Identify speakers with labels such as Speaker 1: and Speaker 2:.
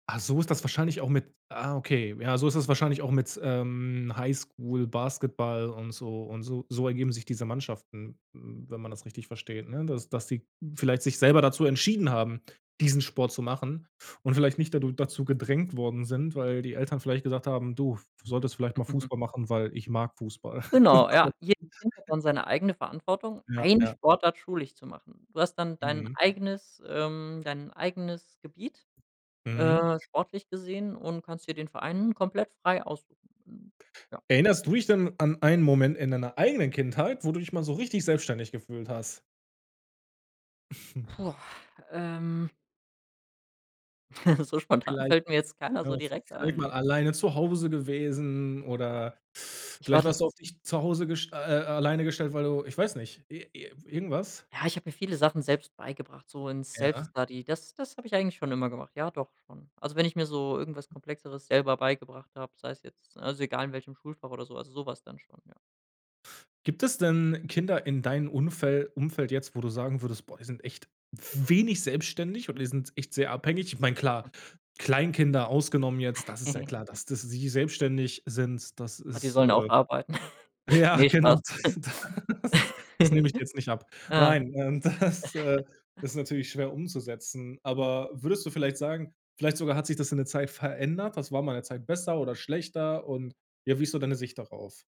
Speaker 1: Ah, so ist das wahrscheinlich auch mit ah, okay. Ja, so ist das wahrscheinlich auch mit, ähm, Highschool Basketball und so und so so ergeben sich diese Mannschaften, hm, wenn man das richtig versteht, ne? Dass dass die vielleicht sich selber dazu entschieden haben, diesen Sport zu machen und vielleicht nicht dadu dazu gedrängt worden sind, weil die Eltern vielleicht gesagt haben: „Du solltest vielleicht mal Fußball machen, weil ich mag Fußball“.
Speaker 2: Genau, ja. Jedes Kind hat dann seine eigene Verantwortung,
Speaker 1: Ja,
Speaker 2: eine
Speaker 1: ja.
Speaker 2: Sportart schulisch zu machen. Du hast dann dein
Speaker 1: Mhm.
Speaker 2: eigenes, ähm dein eigenes Gebiet,
Speaker 1: Mhm.
Speaker 2: äh, sportlich gesehen und kannst dir den Verein komplett frei aussuchen. Hm, ja.
Speaker 1: Erinnerst du dich denn an einen Moment in deiner eigenen Kindheit, wo du dich mal so richtig selbstständig gefühlt hast?
Speaker 2: Boah, ähm. So spontan
Speaker 1: Vielleicht
Speaker 2: fällt mir jetzt keiner
Speaker 1: ja
Speaker 2: so
Speaker 1: vi
Speaker 2: direkt
Speaker 1: vielleicht
Speaker 2: ein.
Speaker 1: mal alleine zu Hause gewesen oder
Speaker 2: Ich war
Speaker 1: vielleicht warst
Speaker 2: tat
Speaker 1: du auf dich zu Hause gest äh, äh, alleine gestellt, weil du ich weiß nicht, i i irgendwas?
Speaker 2: Ja, ich habe mir viele Sachen selbst beigebracht, so in
Speaker 1: Ja.
Speaker 2: Self-Study. Das das habe ich eigentlich schon immer gemacht. Ja, doch schon. Also, wenn ich mir so irgendwas Komplexeres selber beigebracht habe, sei es jetzt also, egal in welchem Schulfach oder so, also, so was dann schon, ja.
Speaker 1: Gibt es denn Kinder in deinen Unfel Umfeld jetzt, wo du sagen würdest: „Boah, die sind echt wenig selbstständig oder die sind echt sehr abhängig?“ Ich meine, klar, Kleinkinder ausgenommen jetzt, das ist ja klar, dass dass sie selbstständig sind, das
Speaker 2: Ah, die
Speaker 1: ist,
Speaker 2: sollen auch
Speaker 1: äh
Speaker 2: arbeiten.
Speaker 1: ja,
Speaker 2: Ne,
Speaker 1: genau.
Speaker 2: Spaß.
Speaker 1: Das das nehme ich dir jetzt nicht ab.
Speaker 2: Ja.
Speaker 1: Nein und das, äh, ist natürlich schwer umzusetzen,
Speaker 2: Mhm.
Speaker 1: aber würdest du vielleicht sagen vielleicht sogar hat sich das in der Zeit verändert? Das war mal ’ne Zeit besser oder schlechter? Und ja, wie ist so deine Sicht darauf?